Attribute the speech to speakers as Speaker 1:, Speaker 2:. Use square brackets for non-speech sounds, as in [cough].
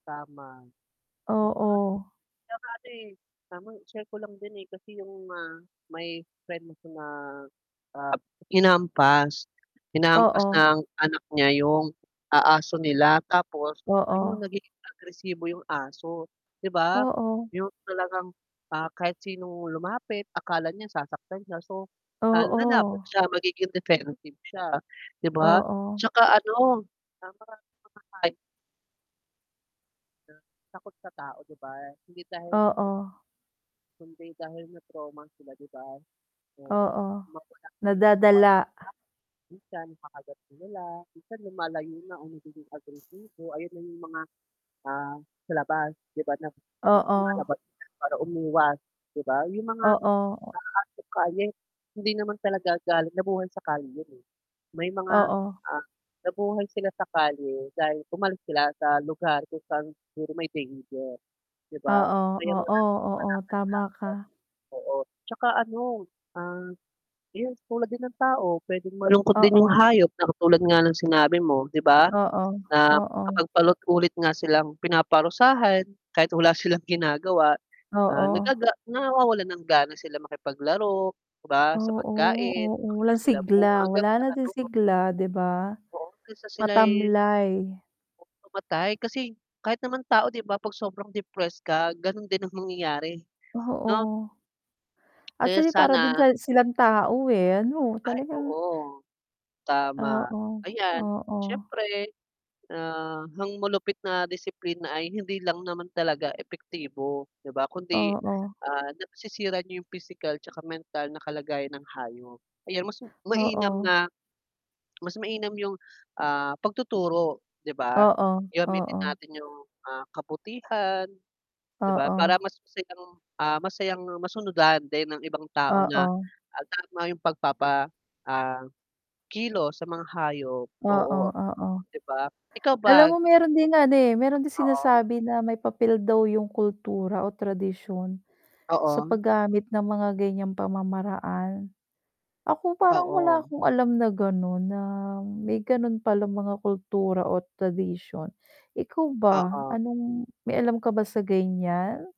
Speaker 1: Tama 'di ba.
Speaker 2: Oo.
Speaker 1: 'Tsaka ano eh, tamang i-share ko lang din eh, kasi yung ah may friend ako na, ah, hinampas. Hinahampas
Speaker 2: Oo.
Speaker 1: ng anak niya yung ah, aso nila, tapos ayun
Speaker 2: Oo.
Speaker 1: nagiging agresibo yung aso, 'di ba.
Speaker 2: Oo.
Speaker 1: Yung talagang, ah, kahit sinong lumapit akala niya sasaktan siya so, ah, lalaban
Speaker 2: Oo.
Speaker 1: siya magiging defensive siya 'di ba.
Speaker 2: Oo.
Speaker 1: 'Tsaka ano ah maraming mga hay na takot sa tao 'di ba, hindi dahil
Speaker 2: Oo.
Speaker 1: kundi dahil na-trauma sila 'di ba. Oo
Speaker 2: Oo
Speaker 1: [unintelligible]
Speaker 2: nadadala.
Speaker 1: minsan kakagat sila la, minsan lumalayo na o nagiging agresibo, ayun na yung mga, ah, sa labas 'di ba na
Speaker 2: Oo.
Speaker 1: lumalabas para umiwas 'di ba. Yung mga
Speaker 2: Oo.
Speaker 1: asong kalye hindi naman talaga galing nabuhay sa kalye yun eh. May mga,
Speaker 2: Oo.
Speaker 1: ah, nabuhay sila sa kalye dahil umalis sila sa lugar kung saan siguro may danger. 'Di ba
Speaker 2: Oo,
Speaker 1: kaya
Speaker 2: oo,
Speaker 1: maraming
Speaker 2: oo,
Speaker 1: palakad-lakad.
Speaker 2: tama ka.
Speaker 1: Oo, 'tsaka ano, ah, yes tulad din ng tao pwedeng malungkot din yung
Speaker 2: Oo.
Speaker 1: hayop na katulad nga ng sinabi mo 'di ba,
Speaker 2: Oo,
Speaker 1: na
Speaker 2: oo.
Speaker 1: kapag paulit ulit nga silang pinaparusahan kahit wala silang ginagawa, ah,
Speaker 2: Oo.
Speaker 1: nagaga nawawalan ng gana sila makipaglaro, 'di ba sa
Speaker 2: Oo,
Speaker 1: pagkain,
Speaker 2: oo, walang
Speaker 1: pakikisalamuha,
Speaker 2: sigla
Speaker 1: hanggang
Speaker 2: wala
Speaker 1: sa
Speaker 2: na din
Speaker 1: ano ku.
Speaker 2: sigla 'di ba,
Speaker 1: Oo hanggang sa sila'y
Speaker 2: matamlay.
Speaker 1: Pu mamatay kasi kahit naman tao 'di ba, 'pag sobrang depressed ka, ganun din ang mangyayari 'no.
Speaker 2: Oo,
Speaker 1: Kaya
Speaker 2: actually para din
Speaker 1: sana.
Speaker 2: sa silang tao eh, ano
Speaker 1: Ay
Speaker 2: talagang.
Speaker 1: oo, tama,
Speaker 2: Oo,
Speaker 1: ayan
Speaker 2: oo.
Speaker 1: syempre ah, ang malupit na disiplina ay hindi lang naman talaga epektibo 'di ba, kundi
Speaker 2: Oo.
Speaker 1: ah, nasisira niya yung pIsikal 'tsaka mental na kalagayan ng hayop. Ayan mas mainam
Speaker 2: Oo.
Speaker 1: na mas mainam yung, ah, pagtuturo 'di ba.
Speaker 2: Oo,
Speaker 1: Gamitin
Speaker 2: oo.
Speaker 1: natin yung, ah, kabutihan 'di ba
Speaker 2: Oo.
Speaker 1: para mas masayang ah, masayang masunudan din ang ibang tao na,
Speaker 2: Oo.
Speaker 1: ah, tama yung pagpapa, ah, kilos sa mga hayop
Speaker 2: Oo,
Speaker 1: oo
Speaker 2: oo.
Speaker 1: 'di ba, ikaw
Speaker 2: Alam
Speaker 1: ba
Speaker 2: mo
Speaker 1: gusto
Speaker 2: meron ding ano eh, meron din
Speaker 1: Oo.
Speaker 2: sinasabi na may papel daw yung kultura o tradisyon sa
Speaker 1: Oo.
Speaker 2: pag-gamit ng mga ganyang pamamaraan. Ako parang wala
Speaker 1: Oo.
Speaker 2: akong alam na ganun na may ganun palang mga kultura o tradisyon. Ikaw ba,
Speaker 1: Oo.
Speaker 2: anong may alam ka ba sa ganyan?